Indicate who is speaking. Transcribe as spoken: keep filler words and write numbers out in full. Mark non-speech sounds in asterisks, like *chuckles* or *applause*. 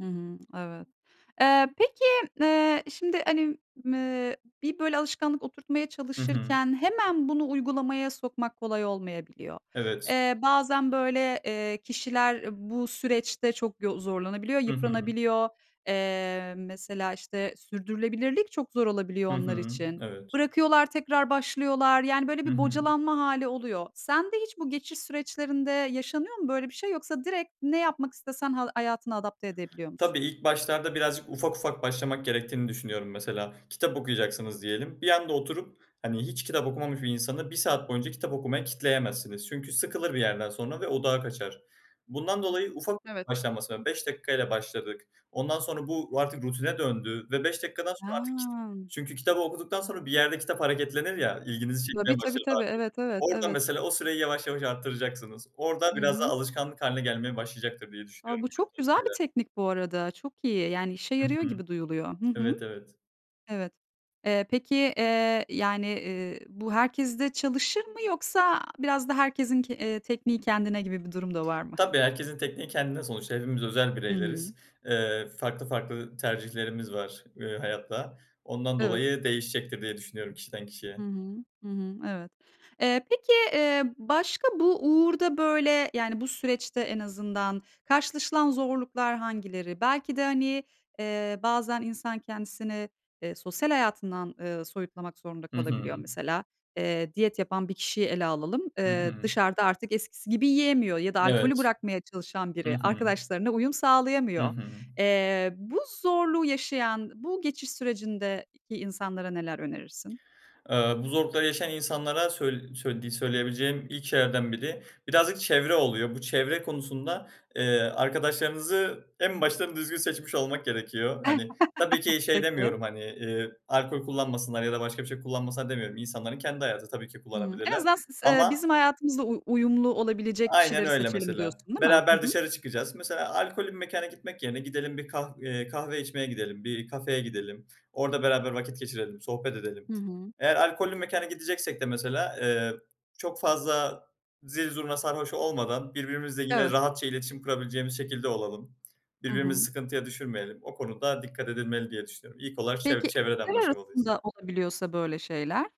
Speaker 1: Hı hı, evet. Eee, peki, eee, şimdi hani, mı bir böyle alışkanlık oturtmaya
Speaker 2: Hı hı.
Speaker 1: çalışırken hemen bunu uygulamaya sokmak kolay olmayabiliyor.
Speaker 2: Evet.
Speaker 1: Eee, bazen böyle, eee, kişiler bu süreçte çok yo zorlanabiliyor,
Speaker 2: Hı hı.
Speaker 1: yıpranabiliyor. Eee, mesela, işte sürdürülebilirlik çok zor olabiliyor
Speaker 2: Hı
Speaker 1: onlar
Speaker 2: hı,
Speaker 1: için.
Speaker 2: evet.
Speaker 1: Bırakıyorlar, tekrar başlıyorlar. Yani, böyle
Speaker 2: Hı
Speaker 1: bir
Speaker 2: hı.
Speaker 1: bocalanma hâli oluyor. Sende hiç bu geçiş süreçlerinde yaşanıyor mu böyle bir şey? Yoksa direkt ne yapmak istesen hal hayatına adapte edebiliyor musun?
Speaker 2: Tabii, ilk başlarda birazcık ufak, ufak başlamak gerektiğini düşünüyorum. Mesela, kitap okuyacaksınız diyelim. Bir anda oturup hani hiç kitap okumamış bir insanı bir saat boyunca kitap okumaya kitleyemezsiniz. Çünkü sıkılır bir yerden sonra ve odağı kaçar. Bundan dolayı ufak
Speaker 1: Evet.
Speaker 2: başlanması la Beş dakika ile başladık. Ondan sonra bu artık rutine döndü ve beş dakikadan sonra artık *unintelligible*
Speaker 1: He.
Speaker 2: Çünkü kitabı okuduktan sonra bir yerde kitap hareketlenir ya, ilginizi çekmeye
Speaker 1: Tabii, tabii,
Speaker 2: başlar daha
Speaker 1: tabii.
Speaker 2: çok.
Speaker 1: Evet, evet,
Speaker 2: Orada
Speaker 1: evet.
Speaker 2: mesela o süreyi yavaş, yavaş arttıracaksınız. Orada
Speaker 1: Hı
Speaker 2: biraz daha
Speaker 1: hı.
Speaker 2: alışkanlık hâline gelmeye başlayacaktır diye
Speaker 1: A,
Speaker 2: düşünüyorum.
Speaker 1: bu çok güzel bir
Speaker 2: *unintelligible*
Speaker 1: teknik bu arada. Çok iyi yani, işe
Speaker 2: Hı
Speaker 1: yarıyor
Speaker 2: hı.
Speaker 1: gibi duyuluyor. Hı hı.
Speaker 2: Evet, evet.
Speaker 1: Evet. Eee, peki, eee, yani, eee, bu herkeste çalışır mı yoksa biraz da herkesin ke eee, tekniği kendine gibi bir durum da var mı?
Speaker 2: Tabii, herkesin tekniği kendine, sonuçta hepimiz özel
Speaker 1: Hı hı.
Speaker 2: bireyleriz. Eee, farklı, farklı tercihlerimiz var, eee, hayatta. Ondan
Speaker 1: Evet.
Speaker 2: dolayı değişecektir diye düşünüyorum, kişiden
Speaker 1: Hı
Speaker 2: kişiye.
Speaker 1: hı. Hı hı. Evet. Eee, peki, eee, başka bu uğurda böyle, yani bu süreçte en azından karşılaşılan zorluklar hangileri? Belki de hani, eee, bazen insan kendisini, eee, sosyal hayatından, ııı, soyutlamak zorunda
Speaker 2: Hı
Speaker 1: kalabiliyor
Speaker 2: hı.
Speaker 1: mesela. Eee, diyet yapan bir kişiyi ele alalım.
Speaker 2: Hı
Speaker 1: Eee,
Speaker 2: hı.
Speaker 1: dışarıda artık eskisi gibi yiyemiyor ya da alkolü
Speaker 2: Evet.
Speaker 1: bırakmaya çalışan
Speaker 2: Hı
Speaker 1: biri,
Speaker 2: hı.
Speaker 1: arkadaşlarına uyum
Speaker 2: Hı
Speaker 1: sağlayamıyor.
Speaker 2: hı.
Speaker 1: Eee, bu zorluğu yaşayan, bu geçiş sürecindeki insanlara neler önerirsin?
Speaker 2: Eee, bu zorlukları yaşayan insanlara söy söylediği söyleyebileceğim ilk şeylerden biri, birazcık çevre oluyor. Bu çevre konusunda, eee, arkadaşlarınızı en baştan düzgün seçmiş olmak gerekiyor. Hani, tabii
Speaker 1: *chuckles*
Speaker 2: ki şey
Speaker 1: Peki.
Speaker 2: demiyorum, hani, eee, "Alkol kullanmasınlar." ya da "Başka bir şey kullanmasınlar." demiyorum. İnsanların kendi hayatı. Tabii ki
Speaker 1: Hıı, en
Speaker 2: kullanabilirler
Speaker 1: azından siz eee,
Speaker 2: ama
Speaker 1: bizim hayatımızla uy uyumlu olabilecek
Speaker 2: Aynen
Speaker 1: kişileri
Speaker 2: öyle
Speaker 1: seçelim
Speaker 2: mesela,
Speaker 1: diyorsun, değil mi? Hı
Speaker 2: beraber
Speaker 1: hı.
Speaker 2: dışarı çıkacağız. Mesela, alkollü bir mekana gitmek yerine gidelim bir kah eee, kahve içmeye gidelim, bir kafeye gidelim. Orada beraber vakit geçirelim, sohbet
Speaker 1: Hı
Speaker 2: edelim.
Speaker 1: hı.
Speaker 2: Eğer alkollü mekana gideceksek de mesela, eee, çok fazla zil zurna sarhoş olmadan, birbirimizle yine
Speaker 1: Evet.
Speaker 2: rahatça iletişim kurabileceğimiz şekilde olalım.
Speaker 1: Hı
Speaker 2: Birbirimizi
Speaker 1: hı.
Speaker 2: sıkıntıya düşürmeyelim. O konuda dikkat edilmeli diye düşünüyorum. İlk olarak çev
Speaker 1: Peki,
Speaker 2: çevreden
Speaker 1: eşler
Speaker 2: başlamalıyız.
Speaker 1: arasında olabiliyorsa böyle şeyler?